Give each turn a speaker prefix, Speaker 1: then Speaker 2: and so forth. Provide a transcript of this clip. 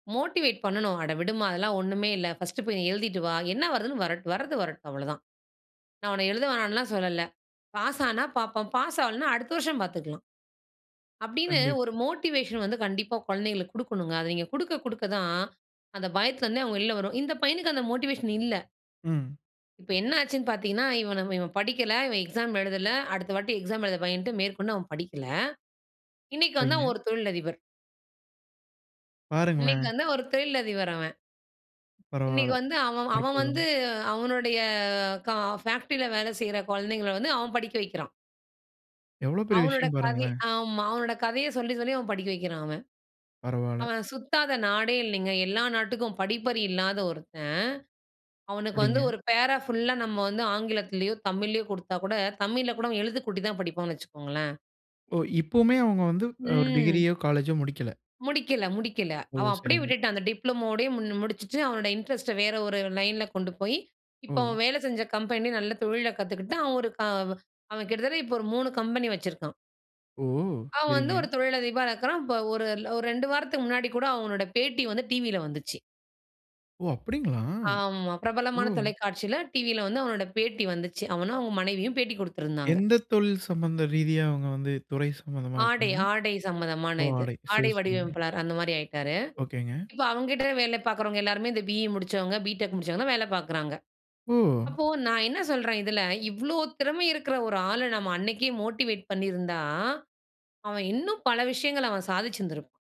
Speaker 1: Motivate பண்ணனும் "அட விடுமா அதெல்லாம் ஒன்னுமே இல்லை, பர்ஸ்ட் போய் எழுதிட்டு வா, என்ன வருதுன்னு வ வரது வரட்டும் அவ்வளோதான், நான் உன்ன எழுத வேணாம்னு சொல்லல, பாஸ் ஆனா பார்ப்போம், பாஸ் ஆவலனா அடுத்த வருஷம் பார்த்துக்கலாம்." அப்படினு
Speaker 2: கண்டிப்
Speaker 1: ஒரு மோட்டிவேஷன் வந்து கண்டிப்பா குழந்தைகளுக்கு கொடுக்கனுங்க, அதை நீங்க கொடுக்க கொடுக்க தான் அந்த பயத்தில இருந்தே அவங்க வெளியே வருவாங், இந்த பையனுக்கு அந்த மோட்டிவேஷன் இல்ல.
Speaker 2: ம்.
Speaker 1: இப்ப என்ன ஆச்சுனு பார்த்தீங்கனா இவன இவன் படிக்கல, இவன் எக்ஸாம் எழுதல, அடுத்த வாட்டி எக்ஸாம் எழுத பயன்டு, மேற்கொண்டு அவன் படிக்கல. இன்னைக்கு வந்து அவன்
Speaker 2: சரிங்க.
Speaker 1: ஒரு தொழில் அதிபர். இன்னைக்கு
Speaker 2: பாருங்களேன்.
Speaker 1: வந்து ஒரு தொழில் அதிபர் அவன். இன்னைக்கு
Speaker 2: பரவாயில்ல.
Speaker 1: வந்து அவன், அவன்
Speaker 2: அற்புதம்.
Speaker 1: வந்து அவனுடைய, ஃபேக்டரில வேலை செய்ற குழந்தைகள வந்து அவன் படிக்க வைக்கிறான்.
Speaker 2: எவ்ளோ பெரிய
Speaker 1: அவனுடைய
Speaker 2: விஷயம்
Speaker 1: கதை
Speaker 2: பாருங்களேன்.
Speaker 1: ஆமா, அவனுடைய கதையை சொல்லி சொல்லி அவன் படிக்க வைக்கிறான் அவன்.
Speaker 2: பரவால்ல.
Speaker 1: அவன் சுத்தாத நாடே இல்லைங்க, எல்லா நாட்டுக்கும் படிப்பறிவில்லாத ஒருத்தன், அவனுக்கு வந்து
Speaker 2: சரிங்க.
Speaker 1: ஒரு பேரா ஃபுல்லா நம்ம வந்து ஆங்கிலத்திலேயோ தமிழ்யோ கொடுத்தா கூட தமிழில கூட எழுத்துகூட்டி தான் படிப்பானு வச்சுகோங்களேன்.
Speaker 2: ஓ! இப்பொயுமே அவுங்க வந்து ஒரு
Speaker 1: ம்.
Speaker 2: டிகிரியோ, காலேஜோ முடிக்கல.
Speaker 1: முடிக்கல முடிக்கல,
Speaker 2: ஓ!
Speaker 1: அவன் அப்படியே
Speaker 2: சரிங்க.
Speaker 1: விட்டுட்டான், அந்த டிப்ளோமாவோட முடிச்சிட்டு, அவனுடைய இன்ட்ரெஸ்ட் வேற ஒரு லைன்ல கொண்டு போய், இப்போ
Speaker 2: ஓ.
Speaker 1: அவன் வேலை செஞ்ச கம்பெனி நல்ல தொழில கத்துக்கிட்டு, அவன், அவன் கிட்டத்தட்ட ஒரு 3 கம்பெனி வச்சிருக்கான்.
Speaker 2: ஓ!
Speaker 1: அவன் வந்து
Speaker 2: சரிங்க.
Speaker 1: ஒரு தொழிலதிபரா இருக்கிறான், இப்போ ஒரு, ஒரு 2 வாரத்துக்கு முன்னாடி கூட அவனுடைய பேட்டி வந்து டிவில வந்துச்சு.
Speaker 2: ஓ! அப்படிங்களா?
Speaker 1: ஆமா, பிரபலமான
Speaker 2: ஓ!
Speaker 1: தொலைக்காட்சியில டிவில வந்து அவனுடைய பேட்டி வந்துச்சு, அவனும் அவன் மனைவியும் பேட்டி கொடுத்திருந்தாங்க.
Speaker 2: எந்த தொழில் சம்மந்த ரீதியா அவங்க வந்து துறை சம்பந்தமா
Speaker 1: ஆடை,
Speaker 2: இருக்காங்க?
Speaker 1: ஆடை சம்மதமான
Speaker 2: ஓ
Speaker 1: இது,
Speaker 2: ஆடை.
Speaker 1: ஆடை
Speaker 2: சரி, சரிங்க.
Speaker 1: வடிவமைப்பாளர் அந்த மாரி ஆயிட்டாரு,
Speaker 2: ஓகேங்க.
Speaker 1: இப்போ அவங்க கிட்ட வேலை பார்க்கிறவங்க எல்லாருமே இந்த பி.இ முடிச்சவங்க, பிடெக் முடிச்சவங்க தான் வேலை பார்க்கிறாங்க.
Speaker 2: ஓ!
Speaker 1: அப்போ நான் என்ன சொல்றேன் இதில, இவ்ளோ திறமை இருக்கிற ஒரு ஆள நம்ம அன்னிக்கே மோட்டிவேட் பண்ணியிருந்தா, அவன் இன்னும் பல விஷயங்களை அவன் சாதிச்சிருந்திருப்பான்.